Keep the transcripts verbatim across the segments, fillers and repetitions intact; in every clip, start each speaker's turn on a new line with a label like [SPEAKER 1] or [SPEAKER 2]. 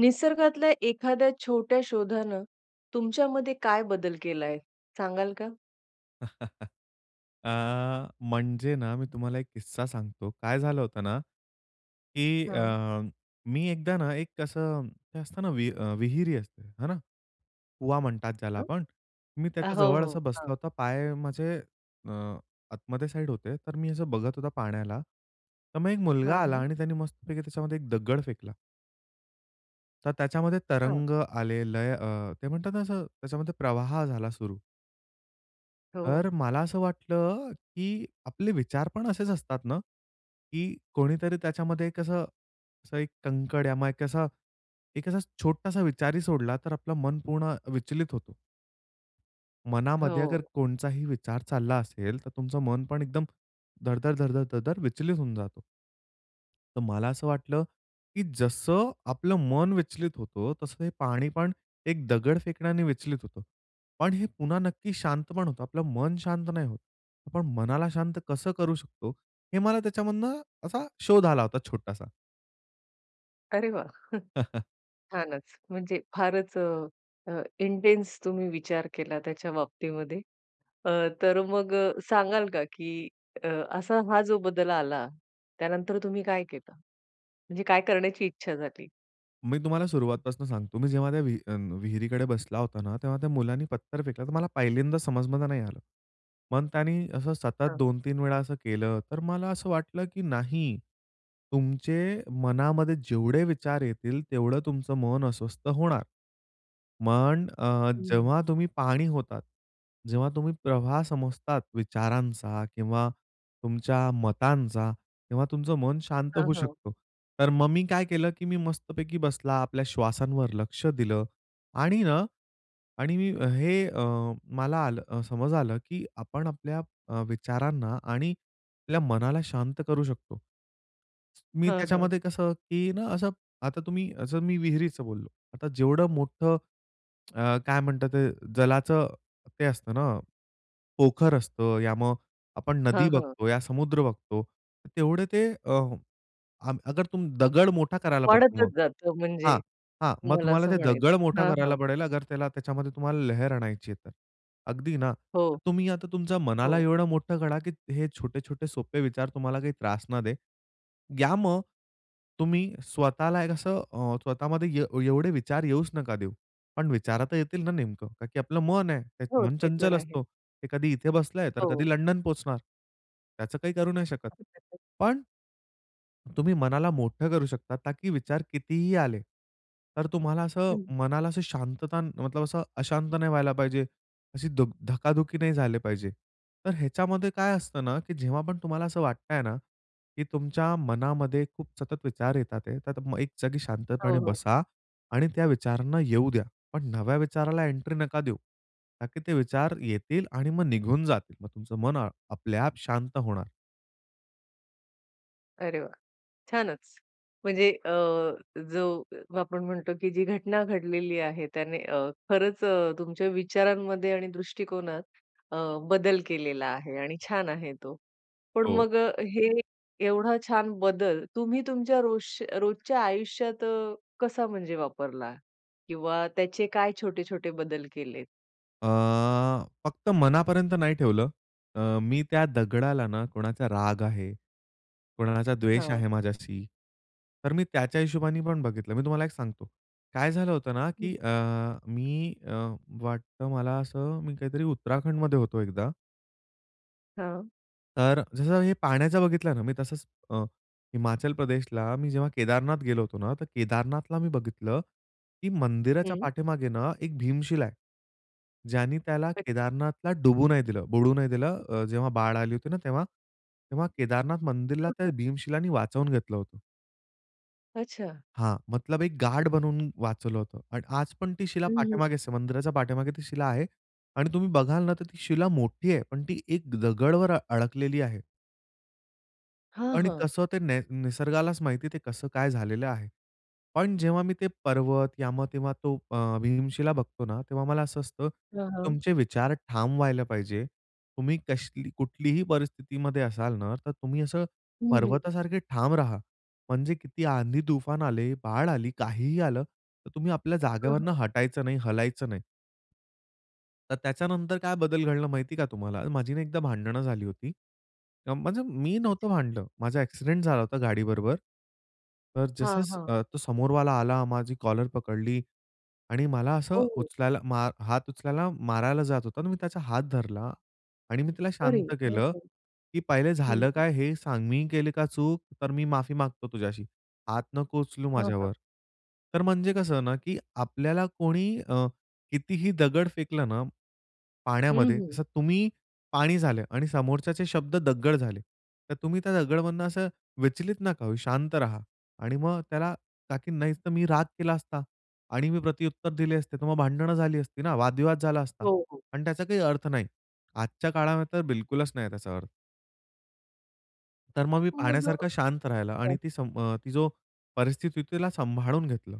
[SPEAKER 1] निसर्गातल्या एखाद्या छोट्या शोधानं तुमच्यामध्ये काय बदल केलाय, सांगाल का?
[SPEAKER 2] अ, म्हणजे ना, मी तुम्हाला एक किस्सा सांगतो. काय झालं होतं ना, की
[SPEAKER 1] हां.
[SPEAKER 2] अ, मी एकदा ना एक अ, असं ते असतं ना विह विहीर असते ना. कुवा म्हणतात ज्याला
[SPEAKER 1] अ,
[SPEAKER 2] आपण. मी
[SPEAKER 1] अ,
[SPEAKER 2] त्याच्या
[SPEAKER 1] हो,
[SPEAKER 2] जवळ
[SPEAKER 1] हो.
[SPEAKER 2] असं बसला
[SPEAKER 1] हां.
[SPEAKER 2] होता. पाय माझे अ, आतमध्ये साईड होते. तर मी असं बघत होता पाण्याला. तर मग एक मुलगा
[SPEAKER 1] हां,
[SPEAKER 2] आला
[SPEAKER 1] हां.
[SPEAKER 2] आणि त्याने मस्तपैकी त्याच्यामध्ये एक दगड फेकला. तर त्याच्यामध्ये
[SPEAKER 1] हां.
[SPEAKER 2] तरंग आले, लय अ, ते म्हणतात ना असं त्याच्यामध्ये प्रवाह झाला सुरू.
[SPEAKER 1] हो.
[SPEAKER 2] तर मला असं वाटलं, की आपले विचार पण असेच असतात ना, की कोणीतरी त्याच्यामध्ये एक असं असं एक कंकड या मग एक असा एक असा छोटासा विचारही सोडला, तर आपलं मन पूर्ण विचलित होतो. मनामध्ये अगर
[SPEAKER 1] हो.
[SPEAKER 2] कोणचाही विचार चालला असेल, तर तुमचं मन पण एकदम धड-धड, धड-धड, धड-धड विचलित होऊन जातं. तर मला असं वाटलं, की जसं आपलं मन विचलित होतो, तसं हे पाणी पण एक दगड फेकण्याने विचलित होतं. पण हे पुन्हा नक्की शांत पण होतं. आपलं मन शांत नाही होतं. पण मनाला शांत कसं करू शकतो हे मला त्याच्यामधनं, असा शोध आला होता छोटासा.
[SPEAKER 1] अरे वाह! छानच. म्हणजे फारच अ, अ, इंटेन्स तुम्ही विचार केला त्याच्या बाबतीमध्ये. अ, तर मग सांगाल का की अ, असा हा जो बदल आला. त्यानंतर तुम्ही काय केलं? म्हणजे काय करण्याची इच्छा झाली?
[SPEAKER 2] मी तुम्हाला सुरुवातीपासून सांगतो मी जेव्हा त्या विहि अ, विहिरीकडे बसला होता ना तेव्हा त्या मुलाने पत्थर फेकला तर मला पहिल्यांदा समजमध्ये नाही आलं. मग त्यांनी असं सतत
[SPEAKER 1] हां.
[SPEAKER 2] दोन-तीन वेळा असं केलं, तर मला असं वाटलं, की नाही. तुमच्या मनामध्ये जेवढे विचार येतील तेवढं तुमचं मन अस्वस्थ होणार. पण अ,
[SPEAKER 1] हं.
[SPEAKER 2] जेव्हा तुम्ही पाणी होतात. जेव्हा तुम्ही प्रवाह समजतात विचारांचा किंवा तुमच्या मतांचा, तेव्हा तुमचं मन शांत
[SPEAKER 1] हां,
[SPEAKER 2] होऊ
[SPEAKER 1] हां.
[SPEAKER 2] शकतो. तर मग मी काय केलं, की मी मस्तपैकी बसला आपल्या श्वासांवर लक्ष दिलं. आणि ना आणि मी हे अ, मला आलं समज आलं, की आपण आपल्या अ, विचारांना आणि आपल्या मनाला शांत करू शकतो. मी
[SPEAKER 1] हां, हां.
[SPEAKER 2] त्याच्यामध्ये कसं की ना असं, आता तुम्ही असं मी विहिरीचं बोललो आता जेवढं मोठं, अ, काय म्हणतात ते जलाचं, ते असतं ना, पोखर असतं या मग, आपण नदी
[SPEAKER 1] हां, हां.
[SPEAKER 2] बघतो या समुद्र बघतो तेवढे ते अ, आग अगर तुम दगड मोठा करायला पडतो मग.
[SPEAKER 1] वाढतच जातं
[SPEAKER 2] हां.
[SPEAKER 1] म्हणजे.
[SPEAKER 2] हां, मग
[SPEAKER 1] तुम्हाला
[SPEAKER 2] तुम्हाला
[SPEAKER 1] असं
[SPEAKER 2] ते दगड
[SPEAKER 1] म्हणायचं.
[SPEAKER 2] मोठा
[SPEAKER 1] हां,
[SPEAKER 2] करायला
[SPEAKER 1] हां.
[SPEAKER 2] पडेल त्याला त्याच्यामध्ये तुम्हाला लहर आणायची आहे तर, अगदी ना.
[SPEAKER 1] हो.
[SPEAKER 2] तुम्ही आता तुमच्या मनाला
[SPEAKER 1] हो.
[SPEAKER 2] एवढं मोठं करा, की हे छोटे-छोटे सोपे विचार तुम्हाला काही त्रास न दे. या मग तुम्ही स्वतःला एक असं अ, स्वतःमध्ये ए एवढे विचार येऊच नका देऊ. पण विचार तर येतील ना नेमकं कारण की आपलं मन आहे, त्यात
[SPEAKER 1] हो.
[SPEAKER 2] मन
[SPEAKER 1] ते तर
[SPEAKER 2] चंचल
[SPEAKER 1] आहे.
[SPEAKER 2] असतो. ते कधी इथे बसलंय तर कधी
[SPEAKER 1] हो.
[SPEAKER 2] लंडन पोहोचणार. त्याचं काही करू नाही शकत.
[SPEAKER 1] [unintelligible]
[SPEAKER 2] पण तुम्ही मनाला मोठं करू शकता ताकी विचार कितीही आले तर तुम्हाला असं
[SPEAKER 1] हं.
[SPEAKER 2] मनाला शांतता मतलब असं अशांत नाही व्हायला पाहिजे. अशी धुक धकाधुकी नाही झाले पाहिजे. तर ह्याच्यामध्ये काय असतं ना, की जेव्हा पण तुम्हाला असं वाटतंय ना, की तुमच्या मनामध्ये खूप सतत विचार येत आहेत तर मग एक जागी शांतपणे
[SPEAKER 1] हो, हो.
[SPEAKER 2] बसा आणि त्या विचारांना येऊ द्या. पण नव्या विचाराला एंट्री नका देऊ; ताकी ते विचार येतील आणि मग निघून जातील. मग तुमचं मन आपल्या-आप शांत होणार.
[SPEAKER 1] अरे वाह! छानच. म्हणजे अ, जो अ, आपण म्हणतो की जी घटना घडलेली आहे त्याने अ, खरंच अ, तुमच्या विचारांमध्ये आणि दृष्टिकोनात अ, बदल केलेला आहे आणि छान आहे तो. पण
[SPEAKER 2] हो.
[SPEAKER 1] मग अ, हे एवढा छान बदल तुम्ही तुमच्या रोज रोजच्या आयुष्यात अ, कसा म्हणजे वापरला? किंवा त्याचे काय छोटे-छोटे बदल केलेत?
[SPEAKER 2] अ, फक्त मनापर्यंत नाही ठेवलं. अ, मी त्या दगडाला ना कोणाचा राग आहे, कोणाचा द्वेष
[SPEAKER 1] हां.
[SPEAKER 2] आहे माझ्याशी. तर मी त्याच्या हिशोबाने पण बघितलं. मी तुम्हाला एक सांगतो, काय झालं होतं ना,
[SPEAKER 1] हं.
[SPEAKER 2] की अ, मी अ, वाटतं मला असं मी काहीतरी उत्तराखंडमध्ये होतो एकदा
[SPEAKER 1] हां.
[SPEAKER 2] तर अ, जसं हे पाण्याचा बघितला ना मी, तसंच अ, हिमाचल प्रदेशला मी जेव्हा केदारनाथ गेलो होतो ना, तर केदारनाथला मी बघितलं की मंदिराच्या
[SPEAKER 1] हं.
[SPEAKER 2] पाठीमागे ना एक भीमशील आहे. ज्यानी त्याला
[SPEAKER 1] नक्की.
[SPEAKER 2] केदारनाथला डुबू नाही दिलं, बुडू नाही दिलं, अ, जेव्हा बाड आली होती ना तेव्हा. तेव्हा केदारनाथ मंदिरला
[SPEAKER 1] हां,
[SPEAKER 2] त्या
[SPEAKER 1] हां.
[SPEAKER 2] भीमशिलानी वाचवून घेतलं होतं.
[SPEAKER 1] अच्छा.
[SPEAKER 2] हां. मतलब एक गार्ड बनवून वाचवलं होतं पण आज पण ती शिला
[SPEAKER 1] हं, हं.
[SPEAKER 2] पाठीमागेच मंदिराच्या पाठीमागे ती शिला आहे. आणि तुम्ही बघाल ना, तर ती शिला मोठी आहे, पण ती एक दगडावर अडकलेली आहे.
[SPEAKER 1] हां,
[SPEAKER 2] आणि
[SPEAKER 1] हां.
[SPEAKER 2] कसं ते ने निसर्गालाच माहिती ते कसं काय झालेलं आहे. पण जेव्हा मी ते पर्वत या मग तेव्हा तो अ, भीमशिला बघतो ना तेव्हा मला असं असतं,
[SPEAKER 1] हां, हां.
[SPEAKER 2] तुमचे विचार ठाम व्हायला पाहिजे. तुम्ही कश कुठलीही परिस्थितीमध्ये असाल ना, तर तुम्ही असं
[SPEAKER 1] हं, हं.
[SPEAKER 2] पर्वतासारखे ठाम राहा. म्हणजे किती आंधी-तूफान आले, बाढ आली, काहीही आलं तर तुम्ही आपल्या जागेवरून
[SPEAKER 1] हां.
[SPEAKER 2] हटायचं नाही, हलायचं नाही. तर त्याच्यानंतर काय बदल घडला माहिती का तुम्हाला? माझी नाही एकदा भांडणं झाली होती. म्ह म्हणजे मी नव्हतं
[SPEAKER 1] [unintelligible]
[SPEAKER 2] भांडलं. माझा एक्सिडेंट झाला होता गाडीबरोबर. तर
[SPEAKER 1] हां, हां.
[SPEAKER 2] जसं-जसं तो समोरवाला आला, माझी कॉलर पकडली आणि मला
[SPEAKER 1] हो,
[SPEAKER 2] असं
[SPEAKER 1] हो.
[SPEAKER 2] उचलायला मा हात उचलायला मारायला जात होता आणि मी त्याचा हात धरला आणि मी तिला
[SPEAKER 1] अरे.
[SPEAKER 2] शांत
[SPEAKER 1] हो,
[SPEAKER 2] केलं,
[SPEAKER 1] हो.
[SPEAKER 2] की पहिले झालं
[SPEAKER 1] हं.
[SPEAKER 2] काय हे सांग. मी केली का चूक. तर मी माफी मागतो तुझ्याशी. हात नको उचलू
[SPEAKER 1] हां, हां.
[SPEAKER 2] माझ्यावर. तर म्हणजे कसं ना, की आपल्याला कोणी अ, कितीही दगड फेकलं ना
[SPEAKER 1] हं,
[SPEAKER 2] पाण्यामध्ये,
[SPEAKER 1] हं.
[SPEAKER 2] जसं तुम्ही पाणी झाले आणि समोरच्याचे शब्द दगड झाले. तर तुम्ही त्या दगडमधून असं विचलित नका होऊ. शांत राहा आणि मग त्याला ताकी मी नाही तर मी राग केला असता आणि मी प्रत्युत्तर दिले असते, तर मग भांडणं झाली असती ना, वादविवाद झाला असता
[SPEAKER 1] हो, हो.
[SPEAKER 2] आणि त्याचा काही अर्थ नाही. आजच्या काळामध्ये तर बिलकुलच नाही त्याचा अर्थ. तर मग मी
[SPEAKER 1] मग.
[SPEAKER 2] पाण्यासारखा शांत राहिला आणि
[SPEAKER 1] हं.
[SPEAKER 2] ती ती जो परिस्थिती होती तिला सांभाळून घेतलं.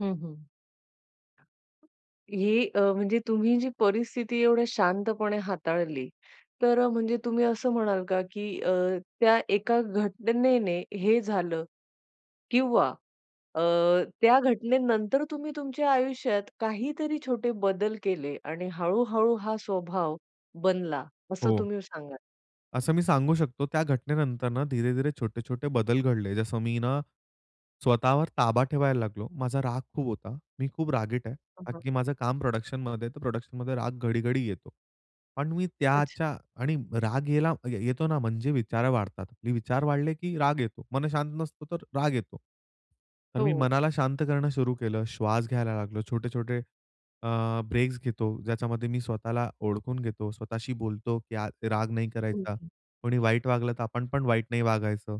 [SPEAKER 1] हं, हं. ही अ, म्हणजे तुम्ही जी परिस्थिती एवढ्या शांतपणे हाताळली, तर म्हणजे तुम्ही असं म्हणाल का की अ, त्या एका घटनेने हे झालं किंवा अ, त्या घटनेनंतर तुम्ही तुमच्या आयुष्यात काहीतरी छोटे बदल केले आणि हळू-हळू हा स्वभाव बनला, असं
[SPEAKER 2] हो.
[SPEAKER 1] तुम्ही सांगाल?
[SPEAKER 2] असं मी सांगू शकतो त्या घटनेनंतर ना धीरे-धीरे, छोटे-छोटे बदल घडले. जसं मी ना स्वतःवर ताबा ठेवायला लागलो. माझा राग खूप होता. मी खूप रागीट आहे.
[SPEAKER 1] हां,
[SPEAKER 2] कारण
[SPEAKER 1] हां.
[SPEAKER 2] की माझं काम प्रोडक्शनमध्ये आहे तर प्रोडक्शनमध्ये राग घडी-घडी येतो. पण मी
[SPEAKER 1] अच्छा.
[SPEAKER 2] त्याच्या आणि राग यायला येतो ना म्हणजे विचार वाढतात. म्हणजे विचार वाढले की राग येतो, मन शांत नसतो तर राग येतो. तर मी
[SPEAKER 1] हो.
[SPEAKER 2] मनाला शांत करणं सुरु केलं. श्वास घ्यायला लागलो, छोटे-छोटे अ, ब्रेक्स घेतो. ज्याच्यामध्ये मी स्वतःला ओळखून घेतो, स्वतःशी बोलतो की राग नाही करायचा.
[SPEAKER 1] [unintelligible]
[SPEAKER 2] कोणी वाईट वागलं तर आपण पण वाईट नाही वागायचं.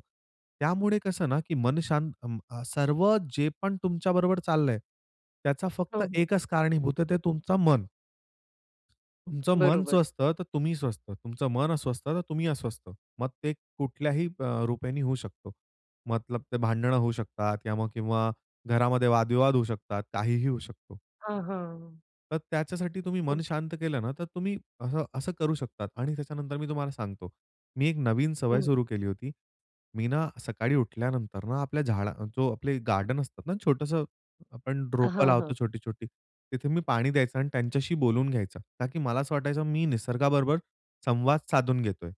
[SPEAKER 2] त्यामुळे कसं ना की मन शांत सर्व जे पण तुमच्याबरोबर चाललंय, त्याचा फक्त
[SPEAKER 1] हो, हो.
[SPEAKER 2] एकच कारणीभूत आहे ते तुमचं मन. तुमचं मन
[SPEAKER 1] बरोबर.
[SPEAKER 2] स्वस्थ तर तुम्ही स्वस्थ. तुमचं मन अस्वस्थ तर तुम्ही अस्वस्थ. मग ते कुठल्याही अ, रूपेने होऊ शकतो. मतलब ते भांडणं होऊ शकतात किंवा मग किंवा घरामध्ये वाद-विवाद होऊ शकतात. काहीही होऊ शकतो.
[SPEAKER 1] हां, हां.
[SPEAKER 2] तर त्याच्यासाठी तुम्ही
[SPEAKER 1] हं.
[SPEAKER 2] मन शांत केलं ना, तर तुम्ही असं असं करू शकतात. आणि त्याच्यानंतर मी तुम्हाला सांगतो. मी एक नवीन सवय
[SPEAKER 1] हं.
[SPEAKER 2] सुरू केली होती. मी ना सकाळी उठल्यानंतर ना आपल्या झाडा अ, जो आपले गार्डन असतात ना छोटंसं आपण रोपं
[SPEAKER 1] हां, हां.
[SPEAKER 2] लावतो छोटी-छोटी, तिथे मी पाणी द्यायचा आणि त्यांच्याशी बोलून घ्यायचा. का की मला असं वाटायचं, मी निसर्गाबरोबर संवाद साधून घेतोय.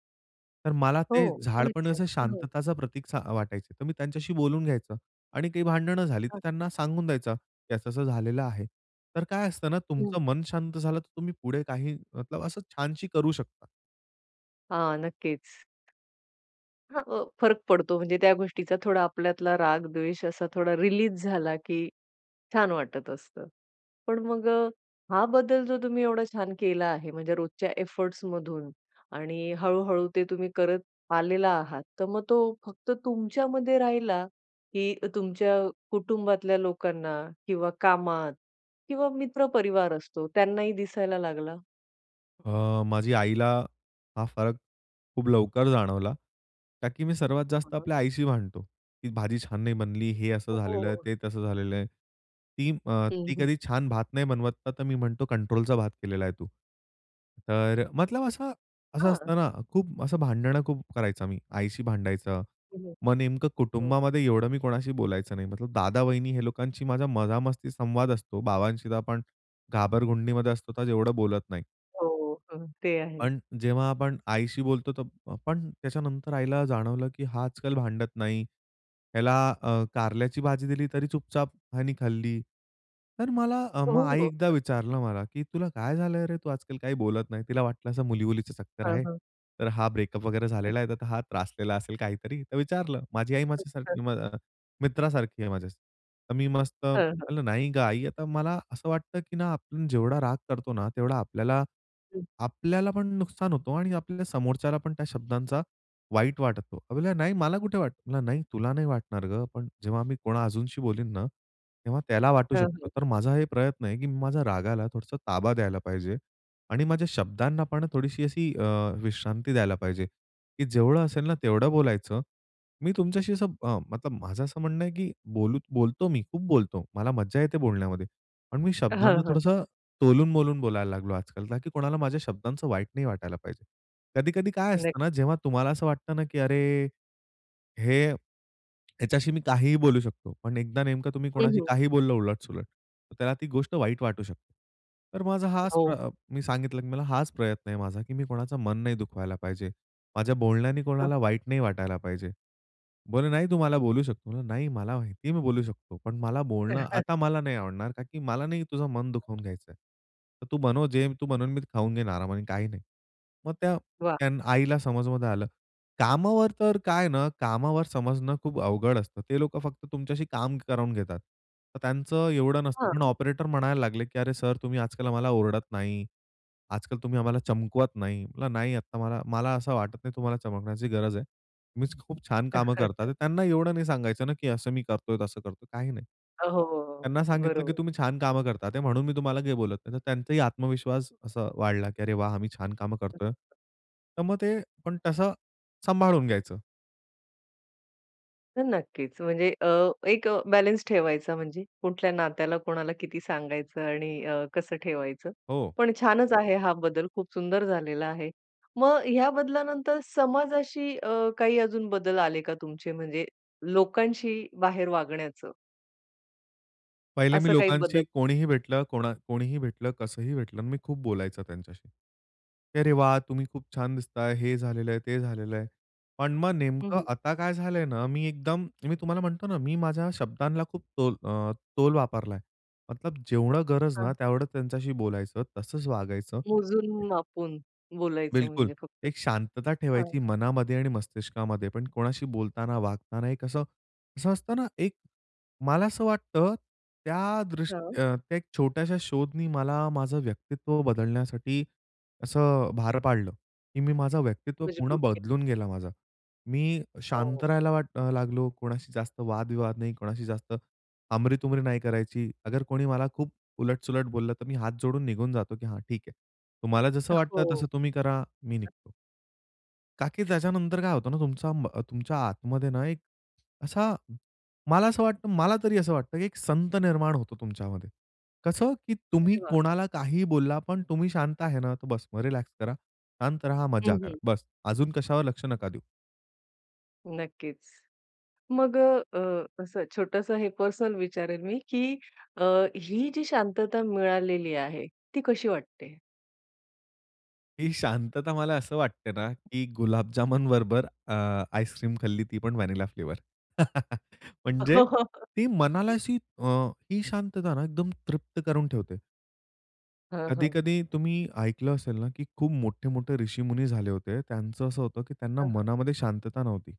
[SPEAKER 2] तर मला
[SPEAKER 1] हो,
[SPEAKER 2] ते झाड पण
[SPEAKER 1] अच्छा.
[SPEAKER 2] असं
[SPEAKER 1] हां.
[SPEAKER 2] शांतताचं प्रतीकचा अ, वाटायचं. तर मी त्यांच्याशी बोलून घ्यायचं आणि काही भांडणं झाली, तर
[SPEAKER 1] [unintelligible]
[SPEAKER 2] त्यांना सांगून द्यायचा की असं-असं झालेलं आहे. तर काय असतं ना
[SPEAKER 1] हं.
[SPEAKER 2] तुमचं मन शांत झालं, तर तुम्ही पुढे काही मतलब असं छानशी करू शकता.
[SPEAKER 1] हां, नक्कीच. हां, अ फरक पडतो म्हणजे त्या गोष्टीचा थोडा आपल्यातला राग, द्वेष असा थोडा रिलीज झाला, की छान वाटत असतं. पण मग अ, हा बदल जो तुम्ही एवढा छान केला आहे म्हणजे रोजच्या एफोर्ट्समधून आणि हळू-हळू ते तुम्ही करत आलेला आहात, तर मग तो फक्त तुमच्यामध्ये राहिला की अ तुमच्या कुटुंबातल्या लोकांना किंवा कामात किंवा मित्र-परिवार असतो त्यांनाही दिसायला लागला?
[SPEAKER 2] अ, माझी आईला हा फरक खूप लवकर जाणवला. कारण मी सर्वात
[SPEAKER 1] हं,
[SPEAKER 2] जास्त
[SPEAKER 1] हं.
[SPEAKER 2] आपल्या आईशी भांडतो. ती भाजी छान नाही बनली, हे
[SPEAKER 1] हो,
[SPEAKER 2] असं झालेलं आहे,
[SPEAKER 1] हो.
[SPEAKER 2] ते तसं झालेलं आहे. ती अ,
[SPEAKER 1] हं,
[SPEAKER 2] ती
[SPEAKER 1] हं.
[SPEAKER 2] कधी छान भात नाही बनवत. तर मी म्हणतो, कंट्रोलचा भात केलेला आहे तू. तर मतलब असं, असं
[SPEAKER 1] हां.
[SPEAKER 2] असतं ना, खूप असं भांडणं, खूप करायचा मी आईशी भांडायचं.
[SPEAKER 1] हं, हं.
[SPEAKER 2] मग नेमकं
[SPEAKER 1] हं.
[SPEAKER 2] कुटुंबामध्ये एवढं मी कोणाशी बोलायचं नाही. मतलब दादा-वहिनी हे लोकांशी माझा मजामस्ती संवाद असतो. बाबांशी तर आपण घाबरगुंडीमध्ये असतो. तर एवढं बोलत नाही.
[SPEAKER 1] हो. हं. ते आहे.
[SPEAKER 2] पण जेव्हा आपण आईशी बोलतो, तो पण त्याच्यानंतर आईला जाणवलं, की हा आजकाल भांडत नाही. ह्याला अ, कारल्याची भाजी दिली तरी चुपचाप हयानी खाल्ली. तर मला मग
[SPEAKER 1] हो,
[SPEAKER 2] आई
[SPEAKER 1] हो.
[SPEAKER 2] एकदा
[SPEAKER 1] नक्की.
[SPEAKER 2] विचारलं मला, "की तुला काय झालंय रे? तू आजकाल काही बोलत नाही." तिला वाटलं असं मुली, मुलीचं चक्कर
[SPEAKER 1] हं,
[SPEAKER 2] आहे.
[SPEAKER 1] हं.
[SPEAKER 2] तर हा ब्रेकअप वगैरे झालेला आहे. तर हा त्रासलेला असेल काहीतरी, तर विचारलं. माझी आई माझ्या माझ्यासारखी
[SPEAKER 1] खूपच.
[SPEAKER 2] अ, म मित्रासारखी आहे माझ्या. तर मी मस्त
[SPEAKER 1] हं, हं.
[SPEAKER 2] म्हणलं, "नाही गं आई." आता मला असं वाटतं की ना, आपण जेवढा राग करतो ना तेवढा आपल्याला,
[SPEAKER 1] हं.
[SPEAKER 2] आपल्याला पण नुकसान होतो आणि आपल्या समोरच्याला पण त्या शब्दांचा वाईट वाटतं. त्या बोलल्या, "नाही मला कुठे वाटतं?" "नाही तुला नाही वाटणार गं. पण जेव्हा मी कोणा अजूनशी बोलीन ना, तेव्हा त्याला वाटू
[SPEAKER 1] हं,
[SPEAKER 2] शकतो."
[SPEAKER 1] हं.
[SPEAKER 2] तर माझा हे प्रयत्न आहे, की मी माझ्या रागाला थोडसं ताबा द्यायला पाहिजे आणि माझ्या शब्दांना पण थोडीशी अशी अ, विश्रांती द्यायला पाहिजे की जेवढं असेल ना तेवढं बोलायचं. मी तुमच्याशी असं अ, मतलब माझं असं म्हणणं आहे, की बोलू बोलतो, मी खूप बोलतो, मला मज्जा येते बोलण्यामध्ये, पण मी
[SPEAKER 1] हं,
[SPEAKER 2] शब्दांना
[SPEAKER 1] हं.
[SPEAKER 2] थोडंसं तोलून-मोलून बोलायला लागलो आजकाल. कारण की कोणाला माझ्या शब्दांच वाईट नाही वाटायला पाहिजे. कधी-कधी काय असतं ना,
[SPEAKER 1] नक्की.
[SPEAKER 2] जेव्हा तुम्हाला असं वाटतं ना, की अरे, हे ह्याच्याशी मी काहीही बोलू शकतो. पण एकदा नेमकं तुम्ही
[SPEAKER 1] हं,
[SPEAKER 2] कोणाशी
[SPEAKER 1] हं.
[SPEAKER 2] काहीही बोललं, उलट-सुलट, तर त्याला ती गोष्ट वाईट वाटू शकते. तर माझा हाच प्र
[SPEAKER 1] हो.
[SPEAKER 2] अ, मी सांगितलं, की मला हाच प्रयत्न आहे माझा की मी कोणाचा मन नाही दुखवायला पाहिजे. माझ्या बोलण्याने
[SPEAKER 1] हं,
[SPEAKER 2] कोणाला
[SPEAKER 1] हं.
[SPEAKER 2] वाईट नाही वाटायला पाहिजे. बोलली," नाही तू मला बोलू शकतो." नाही मला माहिती आहे, "मी बोलू शकतो. पण मला बोलणं आता मला नाही आवडणार कारण की मला नाही तुझं मन दुखवून घ्यायचंय. तर तू बनव जे तू बनवून मी खाऊन घेईन आरामाने, काही नाही." मग त्या
[SPEAKER 1] वाह!
[SPEAKER 2] आईला समजमध्ये आलं. कामावर तर काय ना, कामावर समजणं खूप अवघड असतं. ते लोकं फक्त तुमच्याशी काम करून घेतात. तर त्यांचं एवढं नसतं. पण
[SPEAKER 1] हां.
[SPEAKER 2] ऑपरेटर म्हणायला लागले, "की अरे सर तुम्ही आजकाल आम्हाला ओरडत नाही. आजकाल तुम्ही आम्हाला चमकवत नाही." म्हणला, "नाही आता मला, मला, असं वाटत नाही तुम्हाला चमकण्याची गरज आहे. तुम्ही खूप छान कामं करतात." त्यांना एवढं नाही सांगायचं ना, की असं मी करतोय, तसं करतोय, काही नाही.
[SPEAKER 1] हो, हो, हो.
[SPEAKER 2] त्यांना सांगितलं, "की
[SPEAKER 1] बरोबर.
[SPEAKER 2] तुम्ही छान काम करता, ते म्हणून मी तुम्हाला बोलत नाही." तर त्यांचाही आत्मविश्वास असा वाढला, की अरे वाह! आम्ही छान कामं करतोय.
[SPEAKER 1] [unintelligible]
[SPEAKER 2] तर मग ते पण तसं सांभाळून घ्यायचं.
[SPEAKER 1] तर नक्कीच, म्हणजे अ, एक बॅलन्स ठेवायचा म्हणजे, कुठल्या नात्याला कोणाला, किती सांगायचं आणि अ, कसं ठेवायचं.
[SPEAKER 2] हो.
[SPEAKER 1] पण छानच आहे हा बदल खूप सुंदर झालेला आहे. मग ह्या बदलानंतर समाजाशी अ, काही अजून बदल आले का तुमचे म्हणजे, लोकांशी बाहेर वागण्याचं?
[SPEAKER 2] पहिले मी
[SPEAKER 1] असं काही
[SPEAKER 2] लोकांशी
[SPEAKER 1] बदल?
[SPEAKER 2] कोणीही भेटलं, कोना कोणीही भेटलं, कसंही भेटलं आणि मी खूप बोलायचा त्यांच्याशी. "अरे वाह! तुम्ही खूप छान दिसताय, हे झालेलं आहे, ते झालेल आहे." पण मग
[SPEAKER 1] हं,
[SPEAKER 2] नेमकं
[SPEAKER 1] हं.
[SPEAKER 2] आता काय झालंय ना, मी एकदम मी तुम्हाला म्हणतो ना मी माझ्या शब्दांना खूप तोल अ, तोल वापरलाय. मतलब जेवढं गरज ना
[SPEAKER 1] हां.
[SPEAKER 2] तेवढं त्यांच्याशी बोलायचं तसंच वागायचं.
[SPEAKER 1] मोजून मापून बोलायचं
[SPEAKER 2] बिलकुल.
[SPEAKER 1] म्हणजे फक्त.
[SPEAKER 2] एक शांतता ठेवायची
[SPEAKER 1] हां.
[SPEAKER 2] मनामध्ये आणि मस्तिष्कामध्ये पण कोणाशी बोलताना, वागताना एक असं, असं असतं ना, एक मला असं वाटतं, त्या
[SPEAKER 1] हां.
[SPEAKER 2] दृष्टी अ, त्या एक छोट्याशा शोधनी मला माझं व्यक्तित्व बदलण्यासाठी, असं भार पाडलं. की मी माझा व्यक्तित्व पूर्ण
[SPEAKER 1] मजबूत के
[SPEAKER 2] बदलून गेला माझा. मी शांत
[SPEAKER 1] हो.
[SPEAKER 2] राहायला वाट अ, लागलो. कोणाशी जास्त वादविवाद नाही, कोणाशी जास्त हमरी-तुमरी नाही करायची, अगर कोणी मला खूप उलट-सुलट बोललं तर, मी हात जोडून निघून जातो, की "हां ठीक आहे, तुम्हाला जसं
[SPEAKER 1] अ,
[SPEAKER 2] वाटतं तसं
[SPEAKER 1] हो.
[SPEAKER 2] तुम्ही करा मी निघतो." का की त्याच्यानंतर काय होतं ना तुमचा म अ, तुमच्या आतमध्ये ना एक असा मला असं वाटतं मला तरी असं वाटतं की एक संत निर्माण होतो तुमच्यामध्ये. कसं की तुम्ही
[SPEAKER 1] अरे वाह!
[SPEAKER 2] कोणाला काहीही बोलला पण तुम्ही शांत आहे ना तर बस मग रिलॅक्स करा. शांत राहा, मजा
[SPEAKER 1] हं,
[SPEAKER 2] करा,
[SPEAKER 1] हं.
[SPEAKER 2] बस. अजून कशावर लक्ष नका देऊ.
[SPEAKER 1] नक्कीच. मग अ, अ, असं छोटसं हे पर्सनल विचारेल मी की अ, ही जी शांतता मिळालेली आहे, ती कशी वाटते?
[SPEAKER 2] ही शांतता मला असं वाटते ना की गुलाबजामून बरोबर अ, आईस क्रीम खाल्ली, ती पण व्हॅनिला फ्लेवर. म्हणजे ती मनाला अशी अ, ही शांतता ना एकदम तृप्त करून ठेवते.
[SPEAKER 1] हं, हं.
[SPEAKER 2] कधी-कधी तुम्ही ऐकलं असेल ना की खूप मोठे-मोठे ऋषीमुनी झाले होते. त्यांचं असं होतं की त्यांना
[SPEAKER 1] हं, हं.
[SPEAKER 2] मनामध्ये शांतता नव्हती.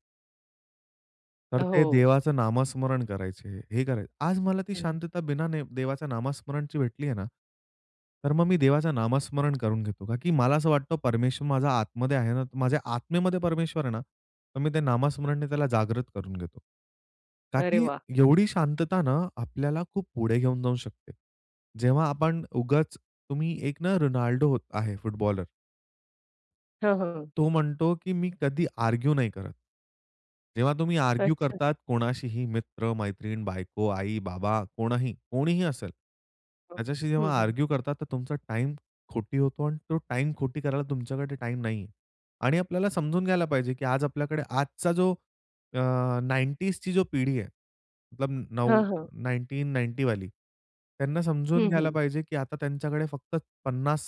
[SPEAKER 2] तर ते
[SPEAKER 1] हो.
[SPEAKER 2] देवाचं नामस्मरण करायचे हे कराय आज मला ती
[SPEAKER 1] हं.
[SPEAKER 2] शांतता बिना ने देवाचं नामस्मरणची भेटली आहे ना, तर मग मी देवाचं नामस्मरण करून घेतो का की मला असं वाटतं, परमेश्वर माझा आतमध्ये आहे ना तर माझ्या आत्मेमध्ये परमेश्वर आहे ना, तर मी ते नामस्मरणने त्याला जागृत करून घेतो. का
[SPEAKER 1] अरे
[SPEAKER 2] की
[SPEAKER 1] वाह!
[SPEAKER 2] एवढी शांतता ना, आपल्याला खूप पुढे घेऊन जाऊ शकते. जेव्हा आपण उगाच तुम्ही एक ना रोनाल्डो हो आहे फुटबॉलर.
[SPEAKER 1] हां, हां.
[SPEAKER 2] तो म्हणतो की मी कधी आर्ग्यु नाही करत. जेव्हा तुम्ही आर्ग्यु
[SPEAKER 1] अच्छा.
[SPEAKER 2] करतात कोणाशीही मित्र-मैत्रीण, बायको, आई, बाबा कोणही, कोणीही असेल.
[SPEAKER 1] [unintelligible]
[SPEAKER 2] त्याच्याशी
[SPEAKER 1] हं,
[SPEAKER 2] जेव्हा
[SPEAKER 1] हं.
[SPEAKER 2] आर्ग्यु करता, तर तुमचा टाईम खोटी होतो आणि तो टाईम खोटी करायला तुमच्याकडे टाईम नाही आहे. आणि आपल्याला समजून घ्यायला पाहिजे की आज आपल्याकडे आजचा जो अ, नाइंटीज ची जो पिढी आहे, मतलब नऊ
[SPEAKER 1] हां, हां.
[SPEAKER 2] नाईनटीन नाइन्टी वाली त्यांना समजून
[SPEAKER 1] हं,
[SPEAKER 2] घ्यायला
[SPEAKER 1] हं.
[SPEAKER 2] पाहिजे की आता त्यांच्याकडे फक्त पन्नास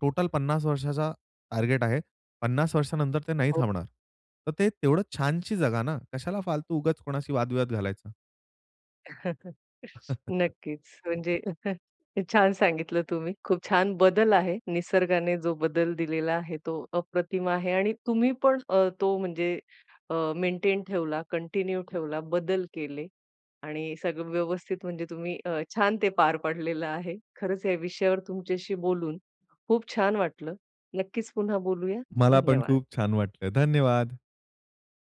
[SPEAKER 2] टोटल पन्नास वर्षाचा टार्गेट आहे. पन्नास वर्षानंतर ते नाही
[SPEAKER 1] हो.
[SPEAKER 2] थांबणार. तर ते तेवढं छानशी जगा ना, कशाला फालतू उगाच कोणाशी वादविवाद घालायचा.
[SPEAKER 1] नक्कीच. म्हणजे छान सांगितलं तुम्ही. खूप छान बदल आहे. निसर्गाने जो बदल दिलेला आहे तो अप्रतिम आहे. आणि तुम्ही पण अ, तो म्हणजे अ, मेंटेन ठेवला, कंटिन्यू ठेवला, बदल केले आणि सगळं व्यवस्थित म्हणजे तुम्ही अ, छान ते पार पाडलेलं आहे. खरंच या विषयावर तुमच्याशी बोलून खूप छान वाटलं. नक्कीच पुन्हा बोलूया.
[SPEAKER 2] मला पण
[SPEAKER 1] धन्यवाद.
[SPEAKER 2] खूप छान वाटलं. धन्यवाद.